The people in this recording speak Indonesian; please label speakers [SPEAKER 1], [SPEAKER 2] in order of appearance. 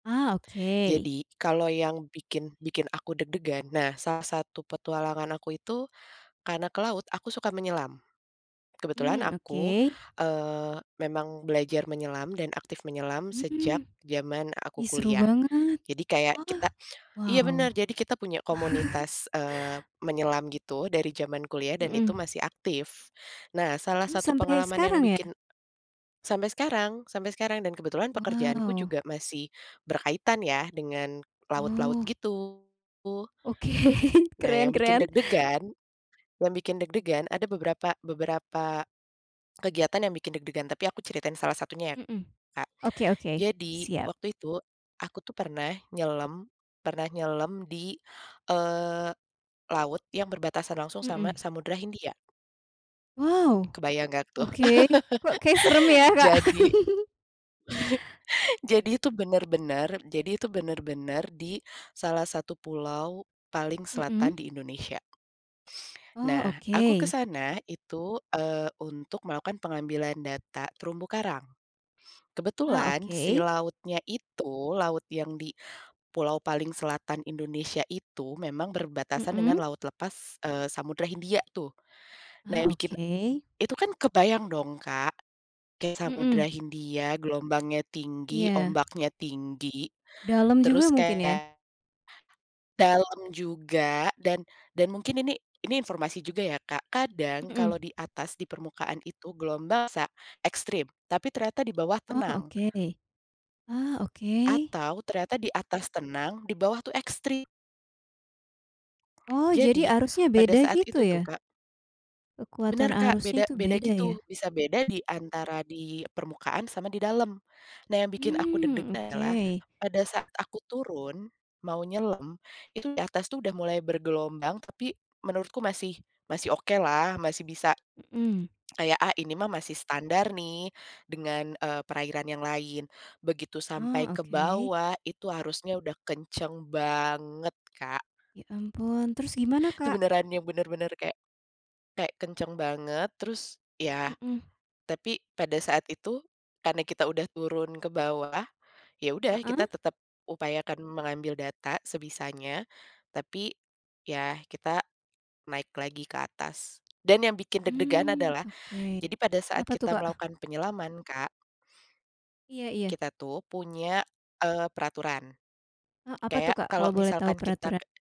[SPEAKER 1] Ah, oke.
[SPEAKER 2] Jadi, kalau yang bikin bikin aku deg-degan, nah, salah satu petualangan aku itu, karena ke laut aku suka menyelam. Kebetulan
[SPEAKER 1] Mmm, oke.
[SPEAKER 2] aku, eee, memang belajar menyelam dan aktif menyelam sejak
[SPEAKER 1] Hmm.
[SPEAKER 2] zaman aku
[SPEAKER 1] Ih, seru
[SPEAKER 2] kuliah.
[SPEAKER 1] banget.
[SPEAKER 2] Jadi kayak
[SPEAKER 1] Oh,
[SPEAKER 2] kita iya,
[SPEAKER 1] wow.
[SPEAKER 2] bener jadi kita punya komunitas, eee, menyelam gitu, dari zaman kuliah dan itu
[SPEAKER 1] Mhm.
[SPEAKER 2] masih aktif. Nah, salah
[SPEAKER 1] Hmm,
[SPEAKER 2] satu
[SPEAKER 1] sampai
[SPEAKER 2] pengalaman yang
[SPEAKER 1] sekarang, ya?
[SPEAKER 2] bikin sampai sekarang, sampe sekarang dan kebetulan pekerjaanku
[SPEAKER 1] Wow.
[SPEAKER 2] juga masih berkaitan ya, dengan laut-laut,
[SPEAKER 1] Oh.
[SPEAKER 2] gitu.
[SPEAKER 1] Oke,
[SPEAKER 2] Nah,
[SPEAKER 1] keren
[SPEAKER 2] yang bikin
[SPEAKER 1] keren.
[SPEAKER 2] deg-degan, yang bikin deg-degan ada beberapa beberapa kegiatan yang bikin deg-degan tapi aku ceritain salah satunya, ya,
[SPEAKER 1] Mhm,
[SPEAKER 2] Kak,
[SPEAKER 1] oke oke,
[SPEAKER 2] jadi
[SPEAKER 1] siap.
[SPEAKER 2] waktu itu, aku tuh pernah nyelem, pernah nyelem di, eee, laut yang berbatasan langsung sama
[SPEAKER 1] Mhm.
[SPEAKER 2] Samudera Hindia.
[SPEAKER 1] Wow,
[SPEAKER 2] Kebayang nggak, tuh?
[SPEAKER 1] oke, kok kayak serem yah, Kak?
[SPEAKER 2] Jadi Jadi itu benar-benar, jadi itu benar-benar di salah satu pulau paling selatan
[SPEAKER 1] Mhm.
[SPEAKER 2] di Indonesia.
[SPEAKER 1] Oh,
[SPEAKER 2] Nah, aku ke
[SPEAKER 1] oke.
[SPEAKER 2] sana itu, eee, untuk melakukan pengambilan data terumbu karang.
[SPEAKER 1] Ah,
[SPEAKER 2] Kebetulan si
[SPEAKER 1] oke.
[SPEAKER 2] lautnya itu, laut yang di, pulau paling selatan Indonesia itu memang berbatasan dengan
[SPEAKER 1] Mhm.
[SPEAKER 2] laut lepas, eee, Samudra Hindia tuh. Nah, yang
[SPEAKER 1] Ah,
[SPEAKER 2] bikin
[SPEAKER 1] oke.
[SPEAKER 2] itu kan kebayang dong, Kak, ke Samudra
[SPEAKER 1] Mhm.
[SPEAKER 2] Hindia gelombangnya tinggi,
[SPEAKER 1] Iya.
[SPEAKER 2] ombaknya tinggi.
[SPEAKER 1] Dalam juga
[SPEAKER 2] Terus
[SPEAKER 1] mungkin, ya.
[SPEAKER 2] kayak, dalam juga dan dan mungkin ini, ini informasi juga ya, Kak, kadang kalau
[SPEAKER 1] Mhm.
[SPEAKER 2] di atas, di permukaan itu gelombang bisa ekstrim, tapi ternyata di bawah
[SPEAKER 1] Oh,
[SPEAKER 2] tenang.
[SPEAKER 1] oke. Ah, oke.
[SPEAKER 2] Atau ternyata di atas tenang di bawah tuh ekstrim.
[SPEAKER 1] Oh, jadi
[SPEAKER 2] Jadi
[SPEAKER 1] arusnya
[SPEAKER 2] pada
[SPEAKER 1] beda
[SPEAKER 2] saat
[SPEAKER 1] gitu,
[SPEAKER 2] itu tuh,
[SPEAKER 1] ya?
[SPEAKER 2] Kak
[SPEAKER 1] Kekuatan
[SPEAKER 2] Bener, Kak,
[SPEAKER 1] arusnya
[SPEAKER 2] beda
[SPEAKER 1] itu
[SPEAKER 2] beda,
[SPEAKER 1] beda,
[SPEAKER 2] gitu.
[SPEAKER 1] ya?
[SPEAKER 2] Bisa beda di antara di permukaan sama di dalam. Nah, yang bikin aku
[SPEAKER 1] Mmm,
[SPEAKER 2] deg-degan
[SPEAKER 1] oke.
[SPEAKER 2] adalah pada saat aku turun mau nyelam, itu di atas tuh udah mulai bergelombang tapi menurutku masih masih okelah masih bisa
[SPEAKER 1] Mhm.
[SPEAKER 2] kayak, "Ah, ini mah masih standar nih, dengan, eee, perairan yang lain." Begitu sampai
[SPEAKER 1] Ah,
[SPEAKER 2] ke
[SPEAKER 1] oke.
[SPEAKER 2] bawah itu arusnya udah kenceng banget, Kak.
[SPEAKER 1] Ya, ampun terus gimana,
[SPEAKER 2] Itu
[SPEAKER 1] Kak?
[SPEAKER 2] beneran yang benar-benar kayak kayak kencang banget, terus, iya,
[SPEAKER 1] Mhm.
[SPEAKER 2] tapi pada saat itu, karena kita sudah turun ke bawah, ya sudah
[SPEAKER 1] Heeh.
[SPEAKER 2] kita tetap upayakan mengambil data sebisanya, tapi ya kita naik lagi ke atas. Dan yang bikin deg-degan
[SPEAKER 1] Mmm,
[SPEAKER 2] adalah,
[SPEAKER 1] oke.
[SPEAKER 2] jadi pada saat
[SPEAKER 1] Apa tuh,
[SPEAKER 2] kita
[SPEAKER 1] Kak?
[SPEAKER 2] melakukan penyelaman, Kak.
[SPEAKER 1] Iya iya.
[SPEAKER 2] Kita tuh punya, eee, peraturan.
[SPEAKER 1] A apa tuh,
[SPEAKER 2] Kayak
[SPEAKER 1] Kak? Kalau
[SPEAKER 2] kalau
[SPEAKER 1] boleh tahu
[SPEAKER 2] misalkan kita
[SPEAKER 1] peraturan
[SPEAKER 2] ke